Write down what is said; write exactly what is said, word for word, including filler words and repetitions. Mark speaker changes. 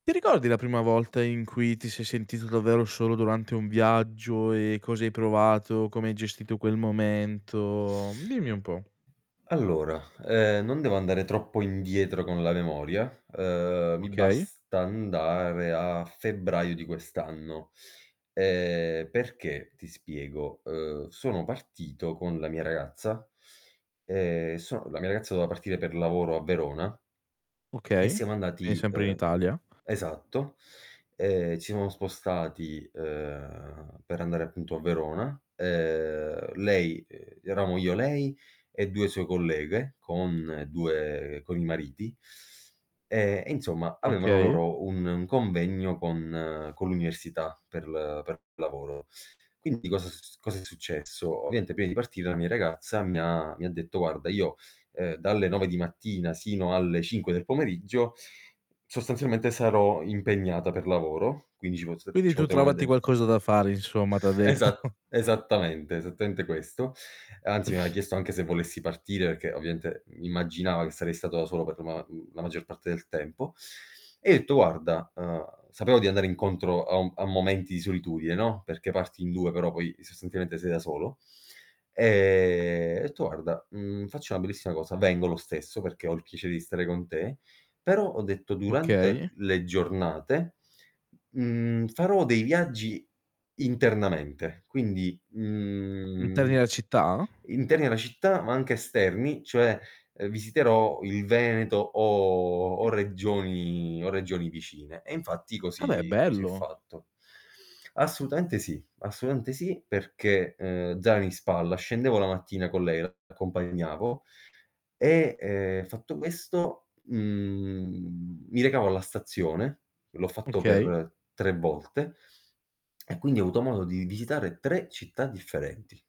Speaker 1: Ti ricordi la prima volta in cui ti sei sentito davvero solo durante un viaggio, e cosa hai provato, come hai gestito quel momento? Dimmi un po'.
Speaker 2: Allora, ehm, non devo andare troppo indietro con la memoria, uhm, mi
Speaker 1: Okay.
Speaker 2: basta andare a febbraio di quest'anno. Ehm, perché, ti spiego, uhm, sono partito con la mia ragazza, ehm, son la mia ragazza doveva partire per lavoro a Verona, e
Speaker 1: Okay,
Speaker 2: siamo
Speaker 1: quini
Speaker 2: andati,
Speaker 1: sempre in
Speaker 2: uhm
Speaker 1: Italia.
Speaker 2: esatto, ehm, ci siamo spostati, ehm, per andare appunto a Verona, ehm, lei uhm, eravamo io lei e due sue colleghe con due con i mariti. Ehm, e insomma avevano
Speaker 1: Okay.
Speaker 2: loro un un convegno con con l'università per l per lavoro. Quindi cosa s cosa è successo? Ovviamente prima di partire la mia ragazza mi ha mi detto: "Guarda io, uhm, dalle nove di mattina sino alle cinque del pomeriggio, sostanzialmente sarò impegnata per lavoro quindi ci pos
Speaker 1: "Quindi
Speaker 2: ci
Speaker 1: tu
Speaker 2: potremo
Speaker 1: trovati
Speaker 2: vede"
Speaker 1: qualcosa da fare" insomma, t' ha detto.
Speaker 2: Esat esattamente, esattamente questo; anzi mi aveva chiesto anche se volessi partire, perché ovviaente immaginava che sarei stato da solo per ma mhmm, la maggior parte del tempo. E io etto: "Guarda", uhm, sapevo di andare incontro a un a momenti di solitudine, no, perché parti in due, però poi sostanzialmente sei da solo; ehm, ho detto: "Guarda, mhmm, faccio una bellissima cosa, vengo lo stesso, perché ho il piacere di stare con te però" ho detto: "Durante
Speaker 1: Okay.
Speaker 2: le giornate, mhmm, farò dei viaggi internamente, quindi,
Speaker 1: Interni
Speaker 2: mhmm,
Speaker 1: alla città?
Speaker 2: interni alla città, ma anche esterni, cioè, uhm, visiterò il Veneto, o o regioni o regioni vicine". E infatti
Speaker 1: Vabbè è
Speaker 2: così così ho
Speaker 1: bello.
Speaker 2: fatto. Assolutamente sì assolutamente sì perché, ehm, zaino in spalla scendevo la mattina con lei, l'accompagnavo, e, ehm, fatto questo, mhmm, mi recavo alla stazione l'ho fatto
Speaker 1: Okay.
Speaker 2: per tre volte e quindi ho avuto modo di visitare tre città differenti.